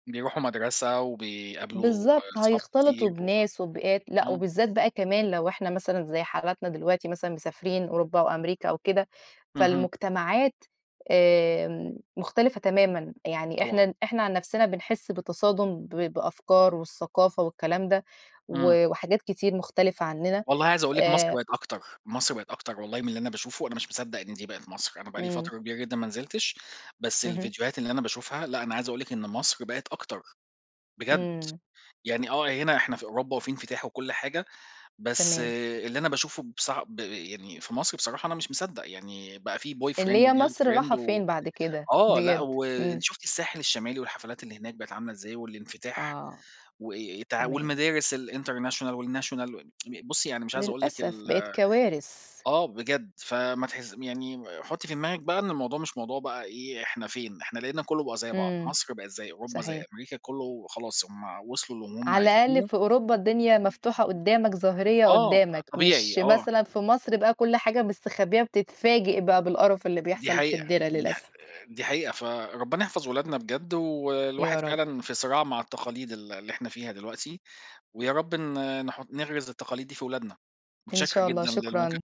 بيروحوا مدرسة وبيقابلوا بالضبط، أصحاب هيختلطوا كتير بناس وببيئات، [unintelligible] لأ إمم. وبالذات بقى كمان لو إحنا مثلًا زي حالاتنا دلوقتي مثلًا مسافرين أوروبا أو أمريكا أو كده، فالمجتمعات آمم مختلفة تمامًا، يعني طبعًا. إحنا إحنا عن نفسنا بنحس بتصادُم بأفكار والثقافة والكلام ده، امم. و وحاجات كتير مختلفة عننا، والله عايز أقول لِك مصر آآ بقِت أكتر، مصر بقِت أكتر والله من اللي أنا باشوفه، أنا مش مصدّق إن دي بقِت مصر، أنا بقى لي امم. فترة كبيرة جدًا ما نزلتش، بس اهم. الفيديوهات اللي أنا باشوفها، لأ أنا عايز أقول لِك إن مصر بقِت أكتر بجد، امم. يعني آه هنا إحنا في أوروبا وفي انفتاح وكل حاجة، بس تمام. اللي أنا باشوفه بص ب يعني في مصر بصراحة أنا مش مصدّق، يعني بقى في اللي boyfriend هي مصر راحة وgirlfriend و فين بعد كده؟ آه لأ بجد، و امم. أنتِ شُفتِ الساحل الشمالي والحفلات اللي هناك بقِت عاملة إزاي، والانفتاح آه، وإيه إيه تع تمام. والمدارس الinternational والnational بُصّي، يعني مش عايز أقول لِك للأسف ال بقِت كوارث. آه بجد، فما تحس يعني حُطّي في دماغِك بقى إن الموضوع مش موضوع بقى إيه إحنا فين، إحنا لقينا كُلُّه بقى زي بعض، امم، مصر بقِت زي أوروبا زي صحيح. أمريكا، كُلُّه خلاص، هم وصلوا للي هم على الأقل عايزينُه. في أوروبا الدنيا مفتوحة قدّامك ظاهرية آه، قدّامك، مش طبيعي، آه. مثلًا في مصر بقى كل حاجة مستخبية بتتفاجئ بقى بالقرف اللي دي بيحصل في حقيقة، الدِرا دي ح للأسف. آآ، دي حقيقة، فربنا يحفظ ولادنا بجد، والواحد يا رب. فعلًا في صراع مع التقاليد ال اللي إحنا فيها دلوقتي، ويا رب ن نحُطّ نغرِس التقاليد دي في ولادنا، إن متشكر شاء الله، جدًا للمكالمة. شكرًا.